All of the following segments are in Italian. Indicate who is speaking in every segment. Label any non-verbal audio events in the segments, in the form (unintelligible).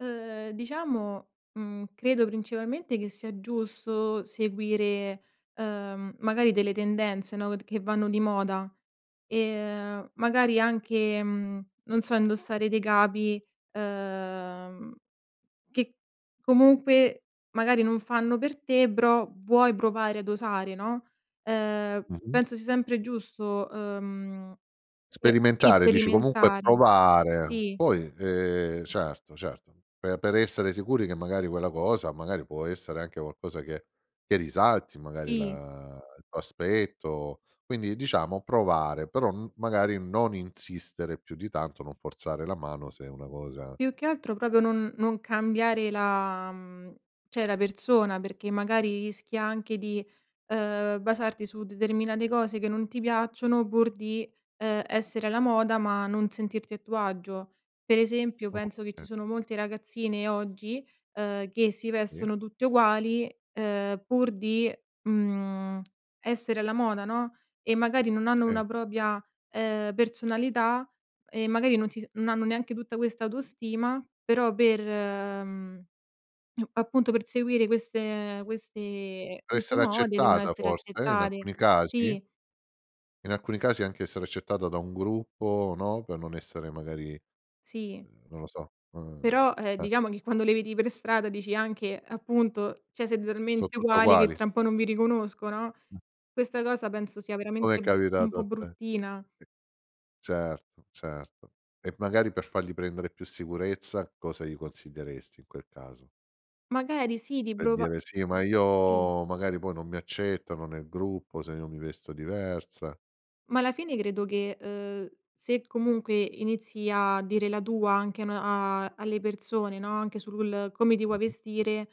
Speaker 1: Uhm, diciamo mhmm, credo principalmente che sia giusto seguire, uhm, magari delle tendenze no, t che vanno di moda, ehm magari anche, mhmm, non so, indossare dei capi, ehm, che comunque magari non fanno per te però vuoi provare ad osare no. Ehm,
Speaker 2: Mh-mh.
Speaker 1: penso sia sempre giusto, uhm, sp si
Speaker 2: Sperimentare dici, comunque
Speaker 1: sperimentare
Speaker 2: provare
Speaker 1: Sì.
Speaker 2: poi, ehm Certo, certo, per per essere sicuri che, magari, quella cosa magari può essere anche qualcosa che che risalti, magari,
Speaker 1: Sì.
Speaker 2: la il tuo aspetto. Quindi diciamo provare, però m magari non insistere più di tanto, non forzare la mano se è una cosa
Speaker 1: Più che altro proprio non non cambiare la cioè la persona perché magari rischi anche di, uhm, basarti su determinate cose che non ti piacciono pur di, ehm, essere alla moda ma non sentirti a tuo agio. Pre esempio
Speaker 2: Oka
Speaker 1: penso che ci sono molte ragazzine oggi, uhm, che si
Speaker 2: Sì.
Speaker 1: vestono tutte uguali, ehm, pur di, mhmm, essere alla moda no, e magari non hanno
Speaker 2: Sì.
Speaker 1: una propria ehm, personalità e magari non si se non hanno neanche tutta questa autostima, però per mhmm, appunto per seguire queste questi queste
Speaker 2: Essere
Speaker 1: mode devono
Speaker 2: accettata,
Speaker 1: essere
Speaker 2: forse, in
Speaker 1: accettate
Speaker 2: alcuni casi?
Speaker 1: Sì.
Speaker 2: In alcuni casi anche essere accettata da un gruppo no, per non essere magari
Speaker 1: Sì.
Speaker 2: uhm non lo so uhm,
Speaker 1: Però, ehm,
Speaker 2: eh.
Speaker 1: diciamo che quando le vedi pre strada dici anche appunto cioè: "Siete
Speaker 2: So
Speaker 1: talmente
Speaker 2: tutte
Speaker 1: uguali che
Speaker 2: uguali.
Speaker 1: tra un po' non vi riconosco" no. Questa cosa penso sia
Speaker 2: Com'è
Speaker 1: veramente, mhmm, un
Speaker 2: capitato
Speaker 1: po'
Speaker 2: a te. (unintelligible)
Speaker 1: bruttina.
Speaker 2: Certo, certo e magari per fargli prendere più sicurezza cosa gli consiglieresti in quel caso?
Speaker 1: Magari sì,
Speaker 2: Per
Speaker 1: riprova,
Speaker 2: dire: "Sì ma
Speaker 1: mhmm Sì.
Speaker 2: io magari poi non mi accettano nel gruppo, se io mi vesto diversa."
Speaker 1: Ma alla fine credo che, uhm, se comunque inizi a dire la tua anche a n a alle persone no, anche sul come ti vuoi
Speaker 2: Mh-mh.
Speaker 1: vestire,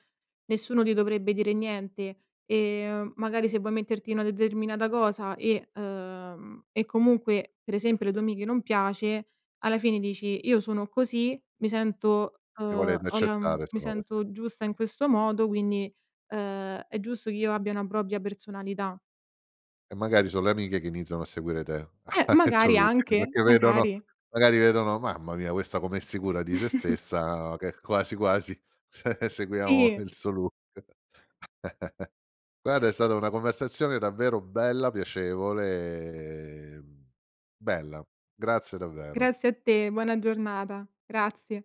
Speaker 1: nessuno ti dovrebbe dire niente e magari se vuoi metterti una determinata cosa e uhm, e comunque pre esempio le tue amiche non piace alla fine dici: "Io sono così, mi sento
Speaker 2: Se
Speaker 1: uhm,
Speaker 2: volete
Speaker 1: ho la m
Speaker 2: accettare se
Speaker 1: mi
Speaker 2: no (unintelligible)
Speaker 1: sento giusta in questo modo, quindi, uhm, è giusto che io abbia una propria personalità."
Speaker 2: E magari so le amiche che iniziano a seguire te
Speaker 1: Eh,
Speaker 2: (chuckles) il tuo
Speaker 1: magari
Speaker 2: look
Speaker 1: anche,
Speaker 2: perché vedono
Speaker 1: magari.
Speaker 2: magari vedono: "Mamma mia questa come è sicura di se
Speaker 1: (chuckles)
Speaker 2: stessa, che quasi, quasi cioè seguiamo
Speaker 1: Sì.
Speaker 2: il suo look." (chuckles) Guarda è stata una conversazione davvero bella, piacevole e, bella, grazie davvero.
Speaker 1: Grazie a te, buona giornata. Grazie.